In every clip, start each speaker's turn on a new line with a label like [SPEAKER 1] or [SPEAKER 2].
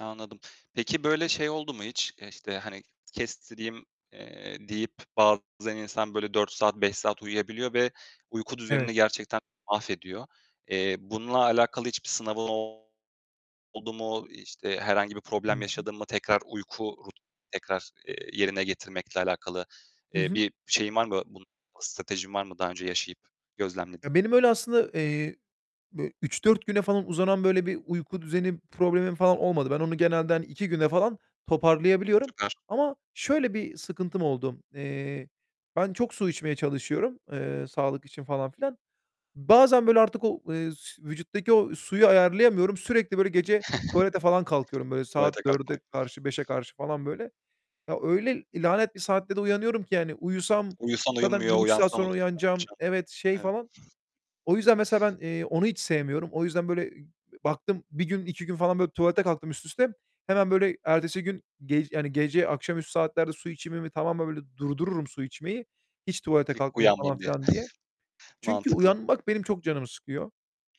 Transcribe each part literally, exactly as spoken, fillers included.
[SPEAKER 1] Anladım. Peki böyle şey oldu mu hiç? İşte, hani kestireyim, eee, deyip bazen insan böyle dört saat, beş saat uyuyabiliyor ve uyku
[SPEAKER 2] Evet.
[SPEAKER 1] düzenini gerçekten mahvediyor. Eee, bununla alakalı hiçbir sınavın oldu mu, işte herhangi bir
[SPEAKER 2] Hı
[SPEAKER 1] problem
[SPEAKER 2] hı.
[SPEAKER 1] yaşadın mı tekrar uyku rut tekrar, eee, yerine getirmekle alakalı,
[SPEAKER 2] Hı
[SPEAKER 1] eee,
[SPEAKER 2] hı.
[SPEAKER 1] bir şeyin var mı, bu stratejin var mı daha önce yaşayıp gözlemlediğin?
[SPEAKER 2] Ya, benim öyle aslında, eee, bö üç dört güne falan uzanan, böyle bir uyku düzeni problemim falan olmadı. Ben onu genelde hani iki güne falan toparlayabiliyorum.
[SPEAKER 1] Süper.
[SPEAKER 2] Ama şöyle bir sıkıntım oldu: Eee, ben çok su içmeye çalışıyorum, eee, sağlık için falan filan. Bazen böyle artık o, eee, s vücuttaki o suyu ayarlayamıyorum, sürekli böyle gece tuvalete falan kalkıyorum böyle
[SPEAKER 1] Tuvalete
[SPEAKER 2] saat dörde
[SPEAKER 1] kalkmak, peki.
[SPEAKER 2] karşı, beşe karşı falan böyle. Ya, öyle l lanet bir saatte de uyanıyorum ki yani uyusam
[SPEAKER 1] Uyusan
[SPEAKER 2] zaten
[SPEAKER 1] uyumuyor,
[SPEAKER 2] bir buçuk saat
[SPEAKER 1] uyansam ı
[SPEAKER 2] sonra
[SPEAKER 1] ne
[SPEAKER 2] uyanacağım,
[SPEAKER 1] yapacağım?
[SPEAKER 2] evet, şey
[SPEAKER 1] Evet.
[SPEAKER 2] falan. O yüzden mesela ben, eee, onu hiç sevmiyorum. O yüzden böyle baktım bir gün, iki gün falan böyle tuvalete kalktım üst üste. Hemen böyle ertesi gün, ge yani gece akşamüstü saatlerde su içimimi tamamen böyle durdururum su içmeyi. Hiç tuvalete
[SPEAKER 1] Kik
[SPEAKER 2] kalkmayayım falan
[SPEAKER 1] uyanmayayım diye.
[SPEAKER 2] filan diye. Çünkü
[SPEAKER 1] Mantıklı.
[SPEAKER 2] uyanmak benim çok canımı sıkıyor.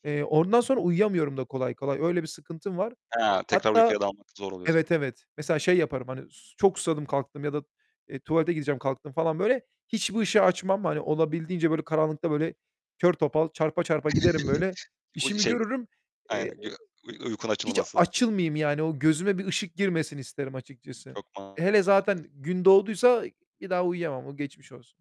[SPEAKER 1] I hı.
[SPEAKER 2] Eee, ondan sonra uyuyamıyorum da kolay kolay, öyle bir sıkıntım var.
[SPEAKER 1] He, tekrar
[SPEAKER 2] Hatta
[SPEAKER 1] uykuya dalmak zor oluyor senin
[SPEAKER 2] Evet,
[SPEAKER 1] için.
[SPEAKER 2] evet, mesela şey yaparım hani s çok susadım kalktım ya da, eee, tuvalete gideceğim kalktım falan böyle, hiçbir ışığı açmam. Hani olabildiğince böyle karanlıkta böyle, kör topal, çarpa çarpa giderim böyle.
[SPEAKER 1] Uy
[SPEAKER 2] İşimi
[SPEAKER 1] şey,
[SPEAKER 2] görürüm.
[SPEAKER 1] aynen
[SPEAKER 2] Eee,
[SPEAKER 1] gö uy uykun
[SPEAKER 2] hiç
[SPEAKER 1] açılamasın.
[SPEAKER 2] açılmayayım yani, o gözüme bir ışık girmesin isterim açıkçası.
[SPEAKER 1] Çok
[SPEAKER 2] Hele
[SPEAKER 1] mantıklı.
[SPEAKER 2] zaten gün doğduysa bir daha uyuyamam. O geçmiş olsun.